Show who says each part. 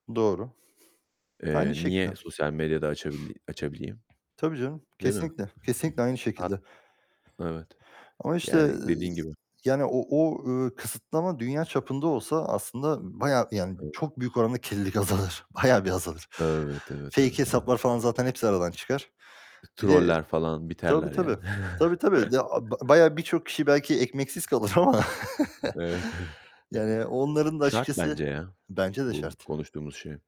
Speaker 1: Doğru, aynı
Speaker 2: Eee,
Speaker 1: şekilde.
Speaker 2: niye sosyal medya da açabil açabileyim,
Speaker 1: Tabii canım,
Speaker 2: değil mi?
Speaker 1: kesinlikle, kesinlikle aynı
Speaker 2: Heh,
Speaker 1: şekilde.
Speaker 2: evet.
Speaker 1: Ama işte,
Speaker 2: Yani
Speaker 1: ııı,
Speaker 2: dediğin gibi.
Speaker 1: yani o o ııı, kısıtlama dünya çapında olsa aslında bayağı, yani
Speaker 2: [unintelligible]
Speaker 1: çok büyük oranda kirlilik azalır, bayağı bir azalır.
Speaker 2: Evet, evet,
Speaker 1: Fake
Speaker 2: evet, evet.
Speaker 1: hesaplar falan zaten hepsi aradan çıkar. Bir de
Speaker 2: Troller falan
Speaker 1: Tabii,
Speaker 2: biterler yani.
Speaker 1: tabii, tabii, tabii de ya, a bayağı birçok kişi belki ekmeksiz kalır ama
Speaker 2: Evet, evet.
Speaker 1: yani onların da
Speaker 2: Şart
Speaker 1: açıkçası
Speaker 2: bence ya,
Speaker 1: Bence de
Speaker 2: bu
Speaker 1: şart.
Speaker 2: konuştuğumuz şey.